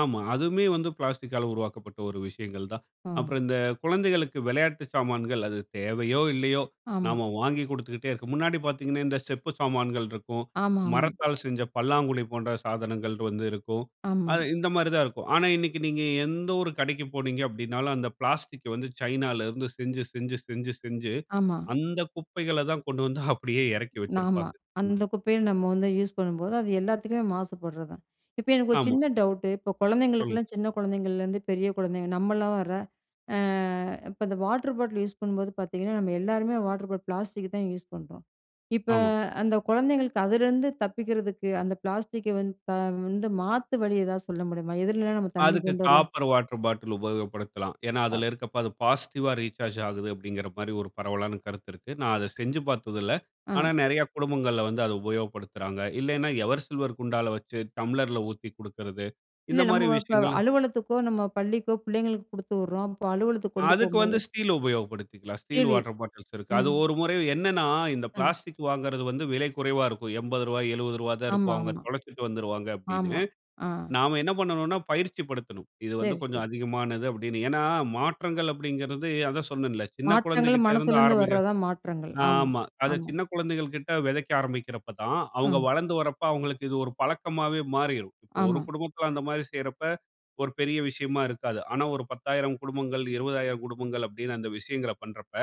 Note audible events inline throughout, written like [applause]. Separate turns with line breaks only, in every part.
ஆமா. அதுவுமே வந்து பிளாஸ்டிக்கால உருவாக்கப்பட்ட ஒரு விஷயங்கள் தான்.
ஆ.
அப்பறம் இந்த குழந்தைகளுக்கு விளையாட்டு சாமான்கள், அது தேவையோ! இல்லையோ!
ஆமா.
நாம வாங்கி குடுத்துக்கிட்டே இருக்கோம். முன்னாடி பார்த்தீங்கனா, இந்த செப்பு சாமான்கள் இருக்கும்.
ஆமாமா.
மரத்தால் செஞ்ச பல்லாங்குழி போன்ற சாதனங்கள் வந்து இருக்கும்.
ஆமா.
அது, இந்த மாரி தான் இருக்கும். ஆனா இன்னைக்கு நீங்க எந்த ஒரு கடைக்கு போனீங்க அப்படின்னாலும், அந்த பிளாஸ்டிக் வந்து சைனாலேருந்து செஞ்சு செஞ்சு செஞ்சு செஞ்சு
ஆமா.
அந்த குப்பைகள தான் கொண்டு வந்து அப்படியே எறக்கி
ஆமா.
வச்சுருப்பாங்க. இந்த
அந்த குப்பையும் நம்ம வந்து யூஸ் பண்ணும்போது, அது எல்லாத்துக்குமே மாசுபடுறதான். இப்ப எனக்கு ஒரு
ஆமா.
சின்ன டவுட்டு இப்ப
சொல்ங்
குழந்தைகளுக்கெல்லாம், சின்ன குழந்தைங்கலேருந்து பெரிய குழந்தைங்க, நம்மள்ளோர. ஆ, இப்ப அந்த வாட்டர் பாட்டில் யூஸ் பண்ணும்போது பார்த்தீங்கன்னா, நம்ம எல்லாருமே வாட்டர் பாட்டில் பிளாஸ்டிக் தான் யூஸ் பண்றோம். இப்ப,
ஆமா.
அந்த குழந்தைங்களுக்கு, அதுலேருந்து தப்பிக்கிறதுக்கு, அந்த பிளாஸ்டிக்கை வந்து, த வந்து மாத்து வழி எதாவது சொல்ல முடியுமா? எதுலலாம் நம்ம தண்ணி
அதுக்கு
கொண்டு வரலாம்?
காப்பர் வாட்டர் பாட்டிலு உபயோகப்படுத்தலாம். ஏன்னா, அதில இருக்குப்ப, அது பாசிட்டிவா ரீசார்ஜ் ஆகுது அப்படிங்கிற மாரி ஒரு பரவலான கருத்து இருக்கு. நான் அத செஞ்சு பாத்ததில்ல. ஆனா
அ.
நெறைய குடும்பங்கள்ல வந்து அத உபயோகப்படுத்துறாங்க. இல்லைன்னா, எவர் சில்வர் குண்டால வைச்சு, டம்ளர்ல ஊத்தி குடுக்குறது, இந்த
இல்ல, நம்ம
மாரி
வ இப்ப
விஷயங்களா
அலுவலகத்துக்கோ, நம்ம பள்ளிக்கோ, பிள்ளைங்களுக்கு குடுத்து விட்றோம், அப்ப அலுவலகத்துக்கு கொண்டு
அதுக்கு வந்து
போம்போது
ஸ்டீல் உபயோகப்படுத்திக்கலாம். ஸ்டீல்
சரி,
வாட்டர் பாட்டில்ஸ் இருக்கு அது
ம்.
ஒரு முறை என்னனா, இந்த
அம்.
பிளாஸ்டிக் வாங்குறது வந்து விலை குறைவா இருக்கும். ரூ. 80, ரூ. 70 தான் இருக்கும். அவங்க
ஆமாமா.
தொலைச்சுட்டு வந்துருவாங்க,
ஆமா,
அப்படின்னு.
ஆ.
நாம என்ன பண்ணனும்னா, பயிற்சி படுத்தணும். இது வந்து
சரி
கொஞ்சம்
சரி.
அதிகமானது அப்படின்னு. ஏன்னா, மாற்றங்கள் அப்படிங்கிறது அதான் சொன்னன்ல்ல, சின்ன
மாற்றங்கள்,
குழந்தைகிட்ட இருந்து
மனசுலேருந்து
ஆரம்பிக்கிற
வர்றதான் மாற்றங்கள். ஆமா
ஆமா. அத
ஆமா.
சின்ன குழந்தைகள் கிட்ட வெதைக்க ஆரம்பிக்கிறப்ப தான், அவங்க
அ.
வளர்ந்து வரப்ப அவங்ககளுக்கு இது ஒரு பழக்கமாவே மாறிரும். இப்ப 1
ஆமா.
குடும்பத்தில அந்த மாரி செய்யிறப்ப, ஒரு பெரிய விஷயமா இருக்காது. ஆனா ஒரு 10,000 குடும்பங்கள், 20,000 குடும்பங்கள் அப்படின்னு, அந்த விஷயங்கள பண்றப்ப,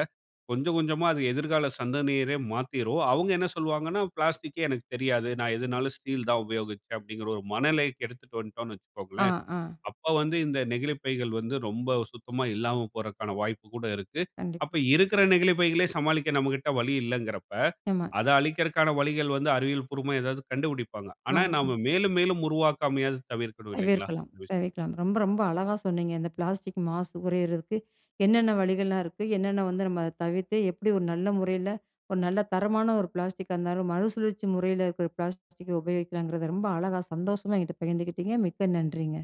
கொஞ்ச கொஞ்சமா அது எதிர்கால சந்தனரையே மாத்திரும். அவங்க என்ன சொல்வாங்கன்னா, பிளாஸ்டிக்யே எனக்குத் தெரியாது. நான் எதுநாளும் ஸ்டீல் தான் உபயோகிச்சேன் அப்படின்ற ஒரு மனநிலைக்கு எடுத்துட்டு வந்துட்டோம்ன்னு
அ,
வைச்சுக்கோங்களேன்,
அ.
அப்ப வந்து இந்த நெகிழிப்பைகள் வந்து ரொம்ப சுத்தமா இல்லாம போரக்கான வாய்ப்பு கூட இருக்கு.
கண்டிப்
அப்ப இருக்கிற நெகிழிப் பைகளே சமாளிக்க நம்மகிட்ட வழி இல்லங்குறப்ப,
ஆமா.
அத அழிக்கற்கான வழிகள் வந்து அறிவியல் பூர்வமா ஏதாவது கண்டுபிடிப்பாங்க. ஆனா
ஆம். ம்.
நாம மேலும் மேலும் உருவாக்காமயாது தவிர்க்கணும் இல்லைங்களா?
தவிர்க்கலாம்
[unintelligible]
தவிர்க்கலாம். ரொம்ப ரொம்ப அழகா சொன்னீங்க. இந்த பிளாஸ்டிக் மாசு குறையறதுக்கு. என்னென்ன வழிகள்லாம் இருக்கு, என்னென்ன வந்து நம்ம தவிர்த்து, எப்படி ஒரு நல்ல முறையில, ஒரு நல்ல தரமான ஒரு பிளாஸ்டிக்காருந்தாலும், மறுசுழற்சி முறையில இருக்கிற பிளாஸ்டிக்க உபயோகிக்கலாங்கிறத ரொம்ப அழகா, சந்தோஷமா ஏங்கிட்ட பகிர்ந்துக்கிட்டீங்க, மிக்க நன்றிங்க!